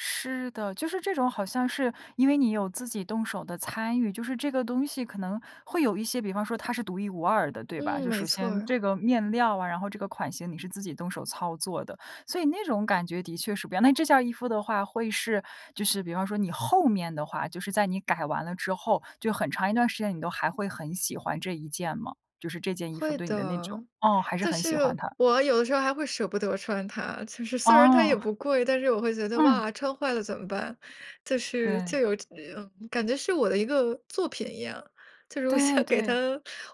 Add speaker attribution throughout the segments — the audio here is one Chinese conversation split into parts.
Speaker 1: 是的，就是这种好像是因为你有自己动手的参与，就是这个东西可能会有一些比方说它是独一无二的，对吧？
Speaker 2: 嗯，
Speaker 1: 就首
Speaker 2: 没错
Speaker 1: 先
Speaker 2: 儿。
Speaker 1: 这个面料啊，然后这个款型你是自己动手操作的，所以那种感觉的确是不一样，那这件儿衣服的话会是就是比方说你后面的话就是在你改完了之后，就很长一段时间，你都还会很喜欢这一件吗？就是这件衣服
Speaker 2: 会
Speaker 1: 对你的那
Speaker 2: 的，
Speaker 1: 种哦，还是
Speaker 2: 就
Speaker 1: 很喜欢
Speaker 2: 是
Speaker 1: 它。
Speaker 2: 我有的时候还会舍不得穿它，就是虽然它也
Speaker 1: 哦。
Speaker 2: 不贵，但是我会觉得，
Speaker 1: 嗯。
Speaker 2: 哇，穿坏了怎么办？就是
Speaker 1: 对。
Speaker 2: 就有这嗯，感觉是我的一个作品一样，就是我
Speaker 1: 对，
Speaker 2: 想给它
Speaker 1: 对。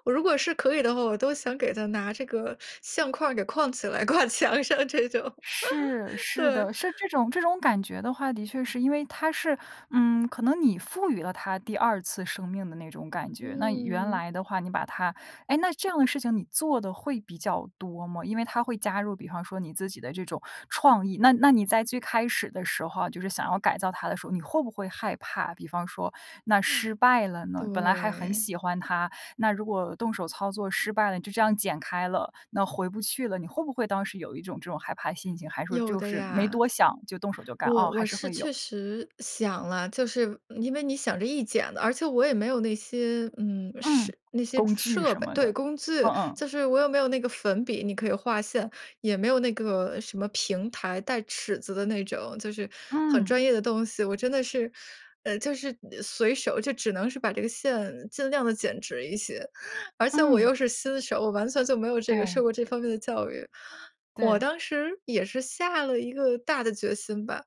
Speaker 2: 我如果是可以的话，我都想给它拿这个相框儿给框起来，挂墙上这种，
Speaker 1: 是，是
Speaker 2: 对。
Speaker 1: 的，是这种这种感觉的话，的确是因为它是嗯，可能你赋予了它第二次生命的那种感觉。那原
Speaker 2: 嗯。
Speaker 1: 来的话你把它诶，那这样的事情你做得会比较多吗？因为它会加入比方说你自己的这种创意，那那你在最开始的时候啊，就是想要改造它的时候，你会不会害怕，比方说那
Speaker 2: 哇，
Speaker 1: 失败了呢？本来还很
Speaker 2: 对。
Speaker 1: 喜欢它，那如果动手操作失败了，就这样剪开了，那回不去了，你会不会当时有一种这种害怕心情？还是说
Speaker 2: 有
Speaker 1: 就
Speaker 2: 的
Speaker 1: 是没
Speaker 2: 呀。
Speaker 1: 多想，就动手就干？
Speaker 2: 我
Speaker 1: 哦，还
Speaker 2: 我
Speaker 1: 是
Speaker 2: 是
Speaker 1: 会有。
Speaker 2: 确实想了，就是因为你想这一剪子而且我也没有那些，嗯，设
Speaker 1: 嗯，
Speaker 2: 那些
Speaker 1: 工具
Speaker 2: 设
Speaker 1: 什
Speaker 2: 备，
Speaker 1: 么
Speaker 2: 对，
Speaker 1: 的，
Speaker 2: 工具，
Speaker 1: 嗯嗯。
Speaker 2: 就是我也没有那个粉笔，你可以画线，也没有那个什么平台，带尺子的那种，就是很
Speaker 1: 嗯。
Speaker 2: 专业的东西。我真的是呃，就是随手，就只能是把这个线尽量地剪直一些，而且我
Speaker 1: 嗯。
Speaker 2: 又是新手，我完全就没有这个受
Speaker 1: 对。
Speaker 2: 过这方面的教育。我
Speaker 1: 对。
Speaker 2: 当时也是下了一个大的决心吧，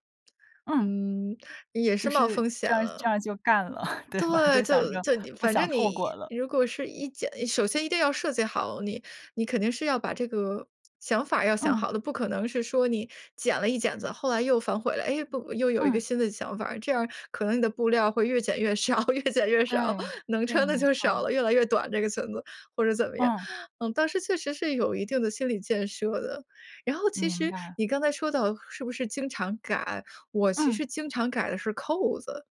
Speaker 1: 嗯。
Speaker 2: 嗯，也是
Speaker 1: 就
Speaker 2: 冒
Speaker 1: 是
Speaker 2: 风险
Speaker 1: 这样儿这
Speaker 2: 了。
Speaker 1: 样儿就干了，对吧？
Speaker 2: 对，
Speaker 1: 就想
Speaker 2: 就
Speaker 1: 着
Speaker 2: 就你
Speaker 1: 不
Speaker 2: 反
Speaker 1: 想
Speaker 2: 正
Speaker 1: 后
Speaker 2: 你
Speaker 1: 果了。
Speaker 2: 如果是一剪首先一定要设计好，你你肯定是要把这个想法儿要想
Speaker 1: 嗯。
Speaker 2: 好的，不可能是说你剪了一剪子，后来又反悔了，诶，不又有一个
Speaker 1: 嗯。
Speaker 2: 新的想法儿，这样儿可能你的布料会越减越少越减越少，
Speaker 1: 对，
Speaker 2: 能
Speaker 1: 对，
Speaker 2: 穿的
Speaker 1: 没
Speaker 2: 就少
Speaker 1: 错。
Speaker 2: 了，越来越短这个裙子，或者怎么样。
Speaker 1: 嗯。
Speaker 2: 嗯，当时确实是有一定的心理建设的，然后其
Speaker 1: 明
Speaker 2: 实
Speaker 1: 白。
Speaker 2: 你刚才说到“是不是经常改”，我其
Speaker 1: 嗯。
Speaker 2: 实经常改的是扣子。